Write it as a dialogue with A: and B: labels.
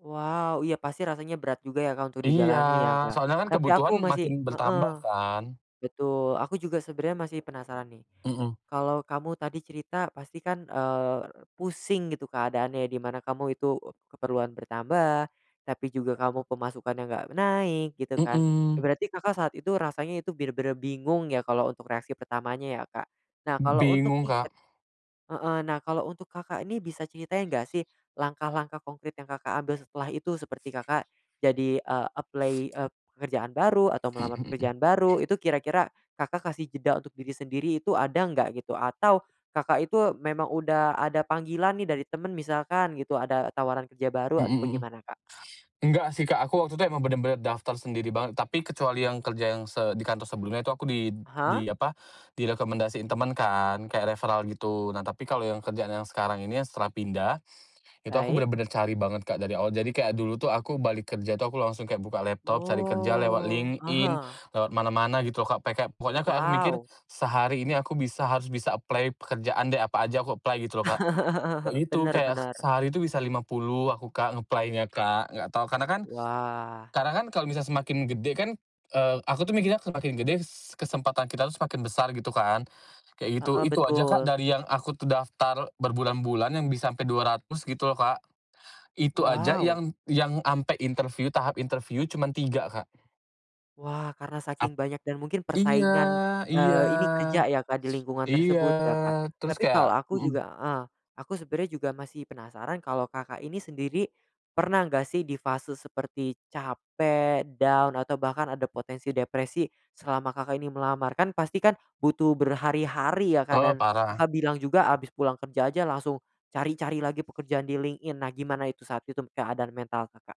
A: Wow. Iya pasti rasanya berat juga ya Kak, untuk
B: Iya.
A: dijalani ya Kak.
B: Soalnya kan
A: Tapi,
B: kebutuhan
A: aku masih
B: makin
A: heeh,
B: bertambah kan.
A: betul. Aku juga sebenernya masih penasaran nih.
B: Mhm.
A: Kalau kamu tadi cerita, pastikan, eee, pusing gitu keadaannya, di mana kamu itu keperluan bertambah, tapi juga kamu pemasukannya enggak naik, gitu kan. Ya
B: Mhm.
A: berarti Kakak, saat itu rasanya itu bener-bener bingung ya, kalau untuk reaksi pertamanya ya Kak. Nah
B: M
A: kalau, untuk
B: bingung,
A: nih
B: Kak.
A: heeh. Nah, kalau untuk Kakak, ini bisa ceritain enggak sih, langkah-langkah konkret yang Kakak, ambil setelah itu seperti Kakak, jadi eee, apply, eee, pekerjaan baru, atau melamar
B: Mhm mhm.
A: pekerjaan baru, itu kira-kira, Kakak, kasih jeda untuk diri sendiri itu ada enggak, gitu atau Kakak, itu memang udah ada panggilan nih dari temen, misalkan gitu ada tawaran kerja baru,
B: Mhm
A: atau
B: mhm.
A: bagaimana Kak?
B: Enggak sih Kak, aku waktu itu emang bener-bener daftar sendiri banget. Tapi kecuali yang kerja yang se di kantor sebelumnya itu aku di
A: Aha.
B: di apa, direkomendasiin temen kan, kayak referral gitu. Nah, tapi kalau yang kerjaan yang sekarang ini setelah pindah, itu aku
A: Baik.
B: bener-bener cari banget Kak, dari awal. Jadi, kayak dulu tuh aku balik kerja tuh aku langsung kayak buka laptop, cari kerja lewat
A: Oh.
B: LinkedIn,
A: Aha.
B: lewat mana-mana gitu loh Kak, peka pokoknya Kak aku mikir,
A: Wow.
B: "Sehari ini aku bisa, harus bisa apply pekerjaan deh, apa aja aku apply," gitu loh Kak. Kayak gitu,
A: Bener
B: kayak,
A: bener.
B: sehari itu bisa 50 aku Kak, ng-apply-nya Kak, enggak tahu. Karena kan
A: Wah.
B: karena kan kalau misalkan semakin gede kan, eee, aku tuh mikirnya semakin gede, kesempatan kita semakin besar gitu kan. Kayak gitu,
A: Heeh,
B: itu aja Kak,
A: betul.
B: dari yang aku tuh daftar berbulan-bulan yang bisa sampe 200 gitu loh Kak. Itu aja
A: Wow.
B: yang yang sampe interview, tahap interview cuman 3 Kak.
A: Wah, karena
B: Ap
A: saking banyak dan mungkin
B: Iya
A: persaingan,
B: iya.
A: eee, ini kerja ya Kak, di lingkungan
B: Iya.
A: tersebut ya Kak.
B: Terus
A: Tapi
B: kayak
A: kalau aku
B: mhm.
A: juga heeh. Aku sebenernya juga masih penasaran kalau Kakak ini sendiri, pernah enggak sih di fase seperti capek, down atau bahkan ada potensi depresi, selama Kakak ini melamar. Kan pasti kan, butuh berhari-hari ya Kak,
B: Eee,
A: dan
B: parah.
A: Kakak bilang juga habis pulang kerja aja langsung cari-cari lagi pekerjaan di LinkedIn. Nah, gimana itu saat itu keadaan mental Kakak?